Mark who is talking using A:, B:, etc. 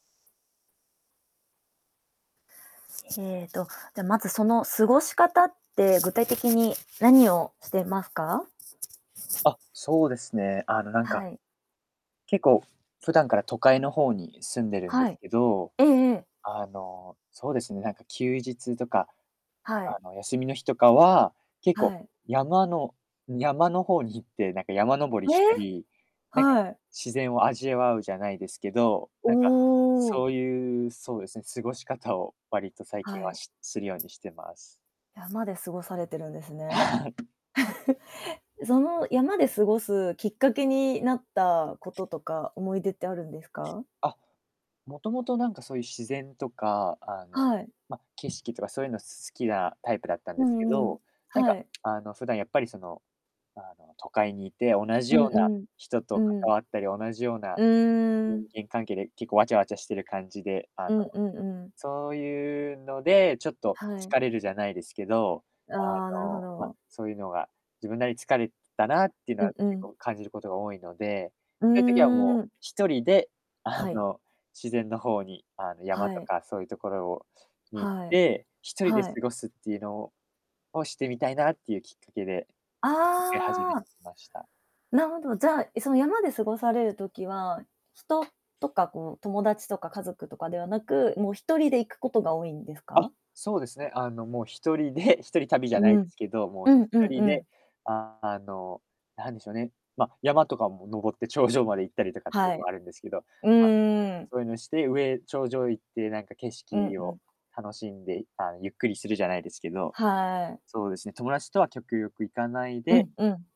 A: えっと、じゃあ、まず、その、過ごし方って具体的に何をしてますか？
B: あ、そうですね、あの、なんか
A: はい。
B: 結構、普段から都会の方に住んでるんで
A: は
B: す
A: い。
B: けど、
A: ええええ。
B: あの、そうですね、なんか休日とか、
A: は
B: あ
A: い。
B: の、休みの日とかは、結
A: は
B: 構、
A: い。
B: 山の山の方に行って、なんか山登り
A: え！
B: したり、なんか、
A: はい。
B: 自然を味わう、じゃないですけど、
A: お
B: なんか、そ
A: お！
B: うゆう、そうです、ん、過ごし方を割と最
A: は
B: 近は、
A: い。
B: しするようにしてます。
A: 山で過ごされてるんですね。その、山で過ごすきっかけになったこととか、思い出ってあるんですか？
B: あ、もともと、なんか、そゆ自然とか、あの、
A: はい。
B: ま、景色とかそうゆうの好きなタイプだったん
A: う
B: ですけ
A: んうん。
B: ど、なん
A: は
B: か、
A: い。
B: あの、普段やっぱりその、あの、都会にいて、同
A: う
B: じ
A: ん
B: ような
A: うん。
B: 人と
A: うん。
B: 関わったり、同じような
A: うー
B: 人
A: ん。
B: 間関係で、結構わちゃわちゃしてる感じで、あの、
A: うんうんうん。
B: そうゆうので、ちょっと
A: はい。
B: 疲れるじゃないですけど、
A: あ
B: あ
A: あ、なるほ
B: の、ま、
A: ど。
B: そうゆうのが、自分なり、疲れたなっていうの
A: う
B: は
A: んう
B: 結
A: ん。
B: 構感じることが多いので、
A: う
B: そゆ時はも
A: ー
B: う、
A: ん。
B: 1人であ
A: はい。
B: の、自然のほうに、あの、山
A: は
B: と
A: い。
B: かそういうところをに、行っ
A: はい。
B: て、1人で
A: は
B: 過
A: い。
B: ごすってゆうのをを、してみたいなってゆうきっかけで、行き始
A: あ
B: め
A: あ。
B: ました。
A: なほど、じゃあ、え、その、山で過ごされる時は、人とか、こう、友達とか家族とかではなく、もう、1人で行くことが多いんです
B: あ、
A: か？
B: そうですね、あの、もう、1人で、1人旅じゃな
A: う
B: いで
A: ん。
B: すけど、もう、
A: う
B: ひ
A: んうん
B: とり
A: う
B: で、
A: ん。
B: あの、なんでしょうね、ま、山とかも登って頂上まで行ったりとかってい
A: は
B: うの
A: い。
B: あるんですけど、
A: う
B: ま、
A: んうん。
B: そういうのして、上頂上行ってなんか景
A: うん
B: 色
A: う
B: を
A: ん。
B: 楽しんで、いああ、ゆっくりする、じゃないですけど、
A: はい。
B: そうですね、友達とは極力行かない
A: う
B: で
A: んうん。